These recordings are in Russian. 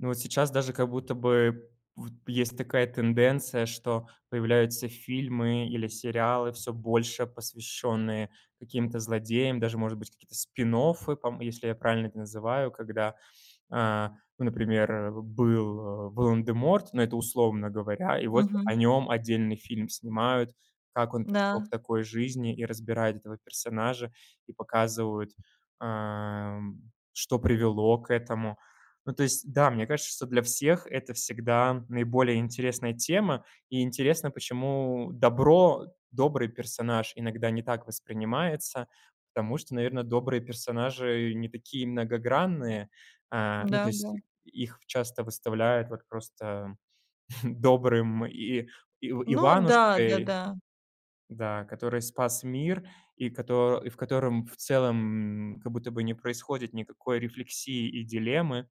Ну а сейчас даже как будто бы вот есть такая тенденция, что появляются фильмы или сериалы, всё больше посвященные каким-то злодеям. Даже может быть какие-то, спин-оффы пом если я правильно их называю. Когда, а, ну например, э, был Волан-де-Морт, но это условно говоря. И вот о Мгм. нём отдельный фильм снимают, как он пришел к Да. такой жизни и разбирают этого персонажа, и показывают, ам, что привело к этому. Ну то есть, да, мне кажется, что для всех это всегда наиболее интересная тема, и интересно, почему добро добрый персонаж иногда не так воспринимается. Потому что наверное добрые персонажи не такие многогранные, а, ну то есть Да-да. их часто выставляют вот просто добрым и и Ну да, Иванушкой да-да. Да, который спас мир, и кото и в котором, в целом, м, как будто бы не происходит никакой рефлексии и дилеммы,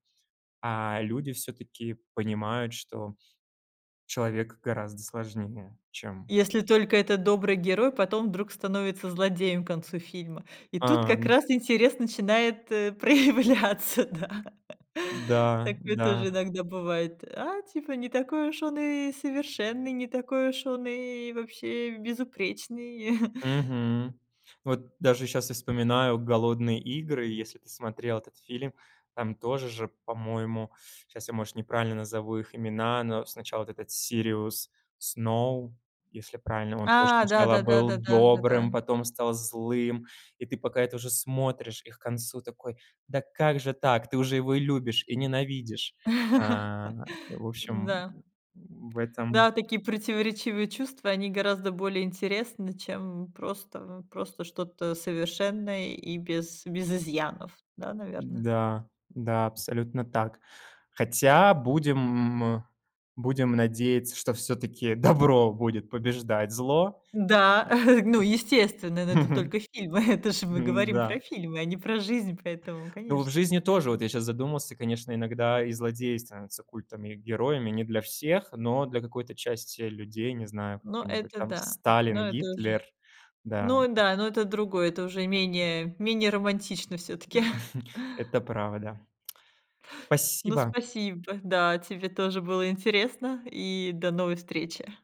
а люди всё-таки понимают, что человек гораздо сложнее, чем Если только этот добрый герой потом вдруг становится злодеем к концу фильма. И тут как Ам. раз интерес начинает, э, проявляться, да. Да, Такое тоже да. иногда бывает. "А типа не такой уж он и совершенный, не такой уж он и вообще безупречный". Мгм. Вот даже сейчас я вспоминаю "Голодные игры", если ты смотрел этот фильм. Там тоже же, по-моему сейчас я, может, неправильно назову их имена, но сначала этот Сириус Сноу, если правильно он тоже А, сначала да-да-да, был да-да, добрым, да-да. потом стал злым. И ты пока это уже смотришь и к концу, такой: "Да как же так? Ты уже его и любишь, и ненавидишь". А, в общем, Н-да. м, в этом Да, такие противоречивые чувства, они гораздо более интересны, чем просто просто что-то совершенное и без без изъянов, да, наверное? М-да, да, абсолютно так. Хотя будем, м э. Будем надеяться, что всё-таки добро будет побеждать зло Да. Ну, естественно. М. Но это только фильмы. Это ж мы говорим М-да. про фильмы, а не про жизнь, поэтому, Ну в конечно. жизни тоже, вот я сейчас задумался, конечно, иногда и злодей становится культом. И героями не для всех, но для какой-то части людей, не знаю, Ну какой-нибудь это там да, Сталин, но это уже Гитлер Да, Ну э да, но это другое, это уже менее менее романтично всё-таки. М. Это правда. Ну Спасибо! спасибо. Да, тебе тоже. Было интересно, и до новой встречи.